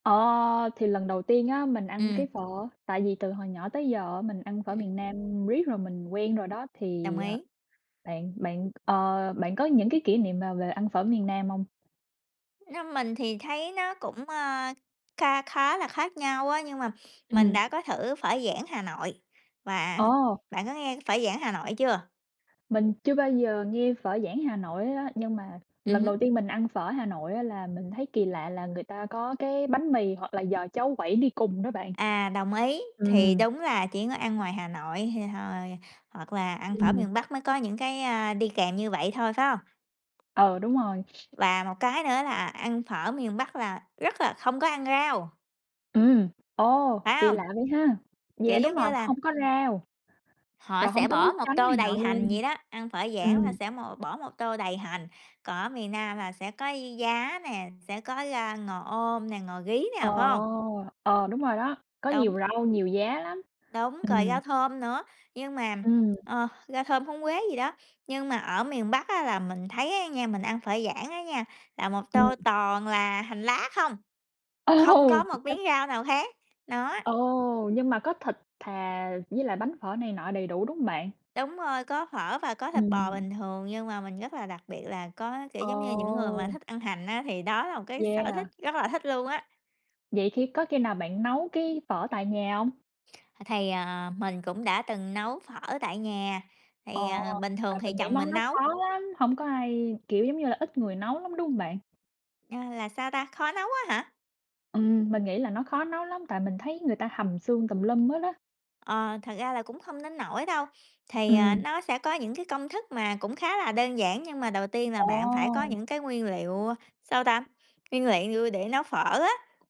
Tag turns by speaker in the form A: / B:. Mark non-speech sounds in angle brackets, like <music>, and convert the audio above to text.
A: Ờ, thì lần đầu tiên á mình ăn
B: Ừm.
A: cái phở, tại vì từ hồi nhỏ tới giờ mình ăn phở miền
B: Ừm.
A: Nam riết rồi mình quen rồi đó,
B: Đồng
A: thì, ờ,
B: ý.
A: bạn bạn, ờ, bạn có những cái kỷ niệm nào về ăn phở miền Nam hông?
B: Nó mình thì thấy nó cũng, a, kha khá là khác nhau á, nhưng mà mình
A: Ừm.
B: đã có thử phở Giảng Hà Nội, và
A: Ồ.
B: bạn có nghe cái phở Giảng Hà Nội chưa?
A: Mình chưa bao giờ nghe phở Giảng Hà Nội hết á, nhưng mà
B: Ừm
A: lần
B: hứm.
A: đầu tiên mình ăn phở Hà Nội á là mình thấy kỳ lạ là người ta có cái bánh mì hoặc là giò cháo quẩy đi cùng đó bạn.
B: À, đồng ý, thì
A: Ừm.
B: đúng là chỉ có ăn ngoài Hà Nội thì hồi hoặc là ăn phở
A: Ừm.
B: miền Bắc mới có những cái, a, đi kèm như vậy thôi, phải hông?
A: Ờ, đúng rồi.
B: Và một cái nữa là ăn phở miền Bắc là rất là không có ăn rau!
A: Ừm, ồ,
B: Phải
A: kỳ
B: hông?
A: lạ vậy ha!
B: Kiểu,
A: Yeah, đúng
B: giống
A: rồi,
B: như là
A: hông có rau,
B: họ
A: rồi hông
B: sẽ
A: có nước
B: bỏ một
A: chấm
B: tô
A: này nọ
B: đầy hành
A: luôn.
B: vậy đó, ăn phở Giảng là
A: Ừm.
B: sẽ một bỏ một tô đầy hành, còn ở miền Nam là sẽ có giá nè, sẽ có rau ngò om nè, ngò rí
A: Ờ,
B: nè, phải hông?
A: ờ, đúng rồi đó, có
B: Đúng.
A: nhiều rau, nhiều giá lắm.
B: Đúng, rồi
A: Ừm.
B: rau thơm nữa, nhưng mà
A: Ừm.
B: ờ, rau thơm, húng quế gì đó, nhưng mà ở miền Bắc á là mình thấy á nha, mình ăn phở Giảng á nha, là một tô
A: <unintelligible>
B: toàn là hành lá không, không
A: Ồ!
B: có một miếng
A: <unintelligible>
B: rau nào khác, nó.
A: Ồ, nhưng mà có thịt thà với lại bánh phở này nọ đầy đủ, đúng hông bạn?
B: Đúng rồi, có phở và có thịt bò
A: Ừm.
B: bình thường nhưng mà mình rất là đặc biệt là có kiểu, giống như, những người mà
A: Ồ!
B: thích ăn hành á, thì đó là một cái sở
A: Yeah.
B: thích rất là thích luôn á.
A: Vậy khi có khi nào bạn nấu cái phở tại nhà hông?
B: Ờ, thì, ờ, mình cũng đã từng nấu phở tại nhà, thì,
A: Ồ,
B: ờ, bình thường
A: tại
B: thì
A: mình nghĩ
B: chồng
A: món
B: mình
A: đó
B: nấu.
A: khó lắm, hông có ai kiểu, giống như là, ít người nấu lắm, đúng hông bạn?
B: A, là sao ta, khó nấu á hả?
A: Ừm, mình nghĩ là nó khó nấu lắm tại mình thấy người ta hầm xương tùm lum hết á.
B: Ờ, thật ra là cũng không đến nổi đâu, thì, ờ,
A: Ừm.
B: nó sẽ có những cái công thức mà cũng khá là đơn giản, nhưng mà đầu tiên là bạn phải có
A: Ồ!
B: những cái nguyên liệu, sao ta, nguyên lạng lui để nấu phở á.